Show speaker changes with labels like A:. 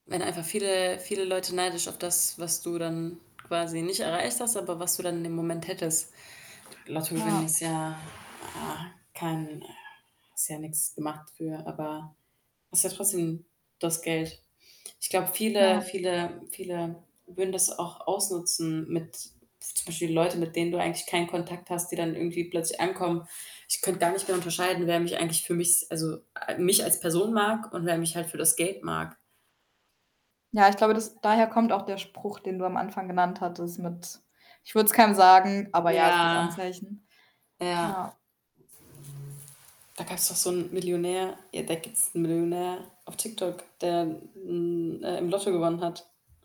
A: Wenn einfach viele, viele Leute neidisch auf das, was du dann quasi nicht erreicht hast, aber was du dann in dem Moment hättest. Lottogewinn
B: Ja.
A: ist ja, ah, kein hast ja nix gemacht für, aber hast ja trotzdem das Geld. Ich glaube, viele
B: Ja.
A: viele viele würden das auch ausnutzen mit zum Beispiel Leute, mit denen du eigentlich keinen Kontakt hast, die dann irgendwie plötzlich ankommen. Ich könnte gar nicht mehr unterscheiden, wer mich eigentlich für mich also, mich als Person mag und wer mich halt für das Geld mag.
B: Ja, ich glaube, das daher kommt auch der Spruch, den du am Anfang genannt hattest mit: „Ich würde
A: Hm.
B: es keinem sagen“. Aber ja, es gibt
A: Ja.
B: Anzeichen.
A: Ja.
B: Ja.
A: Da gab's doch so 'n Millionär. Ja, da gibt's 'n Millionär auf TikTok, der hm, äh im Lotto gewonnen hat.